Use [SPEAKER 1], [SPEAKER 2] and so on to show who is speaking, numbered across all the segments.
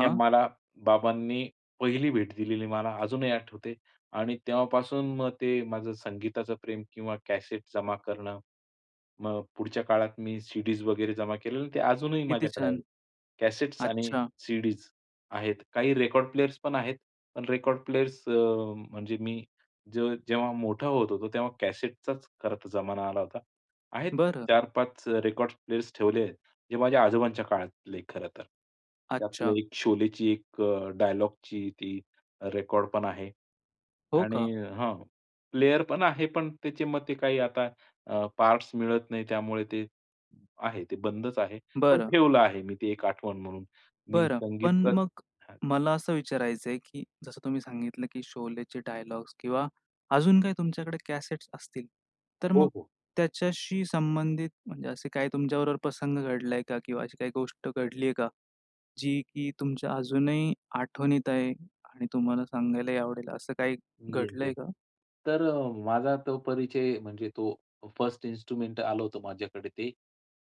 [SPEAKER 1] हे मला बाबांनी पहिली भेट दिलेली, मला अजूनही आठवते आणि तेव्हापासून मग ते माझं संगीताचं प्रेम किंवा कॅसेट जमा करणं. मग पुढच्या काळात मी सी-डीज वगैरे जमा केलेल्या, ते अजूनही
[SPEAKER 2] किती
[SPEAKER 1] माझ्याकडे आहे.
[SPEAKER 2] छान!
[SPEAKER 1] कॅसेट्स आणि
[SPEAKER 2] अच्छा.
[SPEAKER 1] सी-डीज आहेत, काही रेकॉर्ड प्लेयर्स पण आहेत. पण रेकॉर्ड प्लेयर्स, अ, म्हणजे मी जे जेव्हा मोठा होत होतो, तेव्हा कॅसेटचाच खरं तर जमाना आला होता. आहेत
[SPEAKER 2] बरं.
[SPEAKER 1] 4-5 अ, रेकॉर्ड्स प्लेयर्स ठेवले, जे माझ्या आजोबांच्या काळातले खरं तर. त्यातलं
[SPEAKER 2] अच्छा.
[SPEAKER 1] एक शोलेची एक अ, डायलॉगची ती रेकॉर्ड पण आहे
[SPEAKER 2] हो का?
[SPEAKER 1] आणि हां, प्लेयर पण आहे. पण त्याचे मग ते काही आता अ, पार्ट्स मिळत नाही, त्यामुळे ते आहे ते बंदच आहे. पण
[SPEAKER 2] बरं.
[SPEAKER 1] ठेवलं आहे मी ते एक आठवण म्हणून. मी
[SPEAKER 2] बरं. पण
[SPEAKER 1] संगीतच
[SPEAKER 2] मग
[SPEAKER 1] हां.
[SPEAKER 2] मला असं विचारायच आहे की जसं तुम्ही सांगितलं, की शोलेचे डायलॉग्स किंवा अजून काही तुमच्याकडे कॅसेट्स असतील. तर
[SPEAKER 1] हो,
[SPEAKER 2] मग
[SPEAKER 1] हो.
[SPEAKER 2] त्याच्याशी संबंधित म्हणजे असे काही तुमच्याबरोबर प्रसंग घडलाय का? किंवा अशी काही गोष्ट घडली आहे का? जी की तुमच्या अजूनही आठवणीत आहे आणि तुम्हाला सांगायलाही आवडेल, असं काही
[SPEAKER 1] मी एक तर
[SPEAKER 2] घडलंय का?
[SPEAKER 1] तर अ, माझा तो परिचय म्हणजे तो फर्स्ट इन्स्ट्रुमेंट आलं होतं माझ्याकडे ते.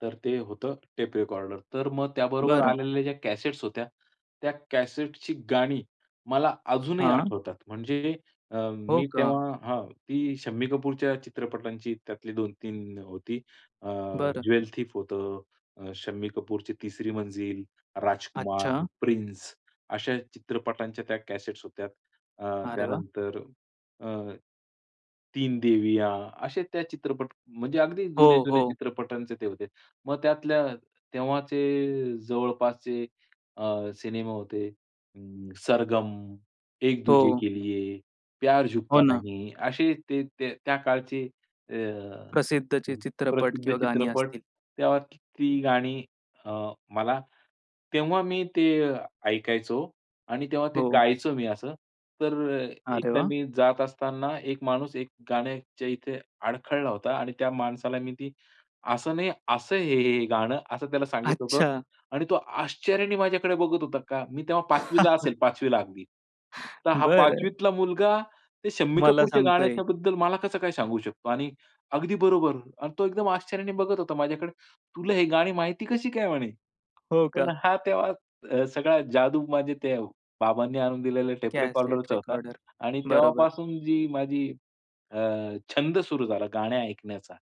[SPEAKER 1] तर ते होतं टेप रेकॉर्डर. तर मग त्याबरोबर
[SPEAKER 2] बरं.
[SPEAKER 1] आलेल्या ज्या कॅसेट्स होत्या, त्या कॅसेटची गाणी मला अजूनही
[SPEAKER 2] हां.
[SPEAKER 1] आठवतात. म्हणजे अ,
[SPEAKER 2] हो
[SPEAKER 1] मी
[SPEAKER 2] का?
[SPEAKER 1] तेव्हा हं. ती शम्मी कपूरच्या चित्रपटांची त्यातली 2-3 होती. अ,
[SPEAKER 2] बरं.
[SPEAKER 1] ज्वेल थीफ होतं, अ, शम्मी कपूरची तिसरी मंजिल, राजकुमार,
[SPEAKER 2] अच्छा.
[SPEAKER 1] प्रिन्स अशा चित्रपटांच्या त्या कॅसेट्स होत्या. अ,
[SPEAKER 2] अरे वाह!
[SPEAKER 1] त्यानंतर अ, तीन देविया असे त्या चित्रपट म्हणजे अगदी
[SPEAKER 2] हो,
[SPEAKER 1] जुने-जुने
[SPEAKER 2] हो.
[SPEAKER 1] चित्रपटांचे ते होते. मग त्यातल्या तेव्हाचे जवळपासचे अ, सिनेमा होते अं, सरगम, एक दूजे
[SPEAKER 2] हो.
[SPEAKER 1] के लिये, प्यार
[SPEAKER 2] हो
[SPEAKER 1] झुकता
[SPEAKER 2] ना.
[SPEAKER 1] नही असे ते ते त्या काळचे अ,
[SPEAKER 2] प्रसिद्धचे चित्रपट
[SPEAKER 1] प्रसिद्ध
[SPEAKER 2] किंवा गाणी
[SPEAKER 1] चित्रपट
[SPEAKER 2] असतील.
[SPEAKER 1] त्यात ती गाणी अ, मला तेव्हा मी ते ऐकायचो आणि तेव्हा ते
[SPEAKER 2] हो.
[SPEAKER 1] गायचो मी असं. तर अ,
[SPEAKER 2] अरे
[SPEAKER 1] एकदा
[SPEAKER 2] वाह!
[SPEAKER 1] मी जात असताना, एक माणूस एक गाण्याच्या इथे अडखळला होता आणि त्या माणसाला मी ती, "असं नाही, असं आहे हे, हे गाणं" असं त्याला सांगितलं होतं.
[SPEAKER 2] अच्छा.
[SPEAKER 1] आणि तो आश्चर्याने माझ्याकडे बघत होता, का मी तेव्हा 5वीला असेल, 5वीला अगदी. "तर हा
[SPEAKER 2] बरं.
[SPEAKER 1] 5वीतला मुलगा, ते शम्मी
[SPEAKER 2] मला
[SPEAKER 1] कपूरच्या
[SPEAKER 2] सांगतोय.
[SPEAKER 1] गाण्याच्याबद्दल मला कसं काय सांगू शकतो? आणि अगदी बरोबर." अन् तो एकदम आश्चर्याने बघत होता माझ्याकडे. "तुला हे गाणी माहिती कशी काय?" म्हणे.
[SPEAKER 2] हो का?
[SPEAKER 1] पण हा तेव्हा अ, सगळा जादू माझ्या ते बाबांनी आणून दिलेल्या टेप
[SPEAKER 2] कॅसेट
[SPEAKER 1] रेकॉर्डररचा होता
[SPEAKER 2] रेकॉर्डर.
[SPEAKER 1] आणि
[SPEAKER 2] बरोबर.
[SPEAKER 1] तेव्हापासून जी माझी अ, छंद सुरू झाला गाण्या ऐकण्याचा,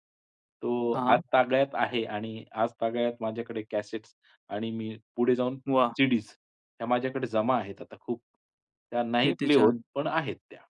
[SPEAKER 1] तो
[SPEAKER 2] हां.
[SPEAKER 1] आजतागयत आहे आणि आजतागयात माझ्याकडे कॅसेट्स आणि मी पुढे जाऊन
[SPEAKER 2] वाह!
[SPEAKER 1] सी-डीज त्या माझ्याकडे जमा आहेत आता खूप. त्या नाही
[SPEAKER 2] किती
[SPEAKER 1] प्ले होत,
[SPEAKER 2] छान!
[SPEAKER 1] पण आहेत त्या.